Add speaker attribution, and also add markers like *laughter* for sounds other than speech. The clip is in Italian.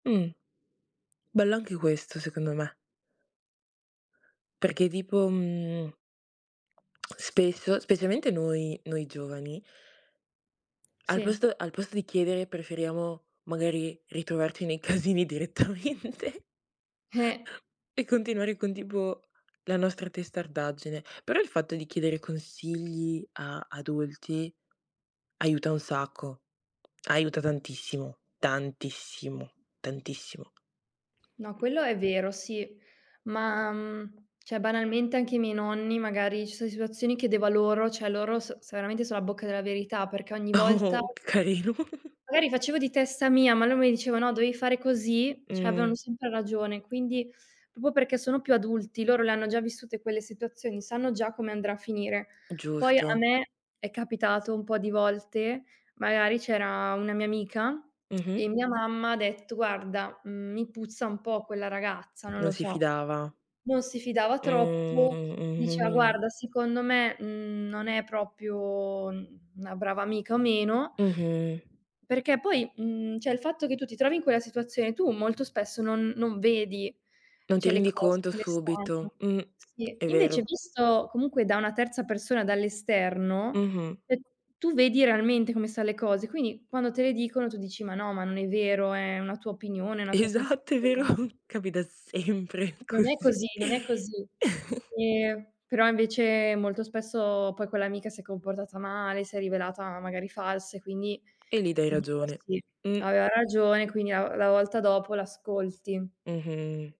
Speaker 1: Mh. Bello anche questo, secondo me. Perché tipo, mhmm, spesso, specialmente noi noi giovani al
Speaker 2: Sì.
Speaker 1: posto al posto di chiedere preferiamo, magari, ritrovarci nei casini direttamente.
Speaker 2: Eh!
Speaker 1: E continuare con, tipo, la nostra testardaggine, però il fatto di chiedere consigli a adulti aiuta un sacco, aiuta tantissimo, tantissimo, tantissimo.
Speaker 2: No, quello è vero, sì. Ma, mhmm, cioè, banalmente anche ai miei nonni, magari, ci so de situazioni, chiedevo a loro, cioè loro so se veramente so a bocca della verità, perché ogni volta
Speaker 1: Oh! Carino!
Speaker 2: magari facevo di testa mia, ma lui mi diceva: "No, dovevi fare così." Cioè, avevano
Speaker 1: Mh.
Speaker 2: sempre ragione. Quindi, proprio perché sono più adulti, loro le hanno già vissute quelle situazioni, sanno già come andrà a finire. Poi, a
Speaker 1: Giusto.
Speaker 2: me è capitato un po' di volte, magari, c'era una mia amica e *tsk*
Speaker 1: Mh-mh.
Speaker 2: mia mamma ha detto: "Guarda, mhmm, mi puzza un po' quella ragazza, non
Speaker 1: Non
Speaker 2: lo
Speaker 1: si
Speaker 2: so."
Speaker 1: fidava.
Speaker 2: Non si fidava
Speaker 1: Mh,
Speaker 2: troppo,
Speaker 1: mh, mh,
Speaker 2: diceva:
Speaker 1: mh, mh.
Speaker 2: "Guarda, secondo me, mhmm, non è proprio una brava amica o meno".
Speaker 1: Mh-mh.
Speaker 2: Perché poi mhmm, cioè il fatto che tu ti trovi in quella situazione, tu molto spesso non non vedi,
Speaker 1: Non ti
Speaker 2: cioè, le
Speaker 1: rendi
Speaker 2: cose
Speaker 1: conto
Speaker 2: come stanno,
Speaker 1: subito. Mh,
Speaker 2: sì.
Speaker 1: è
Speaker 2: Invece,
Speaker 1: vero.
Speaker 2: visto comunque da una terza persona, dall'esterno,
Speaker 1: Mh-mh.
Speaker 2: ehm, tu vedi realmente come sta le cose. Quindi, quando te le dicono tu dici: "Ma no, ma non è vero, è una tua opinione, è una tua
Speaker 1: Esatto, è vero!
Speaker 2: sensazione".
Speaker 1: *chuckles* Capita sempre
Speaker 2: Non è
Speaker 1: così!
Speaker 2: così, non è così. Ehm, però invece molto spesso poi quell'amica si è comportata male, si è rivelata magari falsa e quindi
Speaker 1: E lì dai
Speaker 2: ti dico:
Speaker 1: ragione.
Speaker 2: "Sì",
Speaker 1: Mh.
Speaker 2: aveva ragione, e quindi a la volta dopo l'ascolti.
Speaker 1: Mh-mh.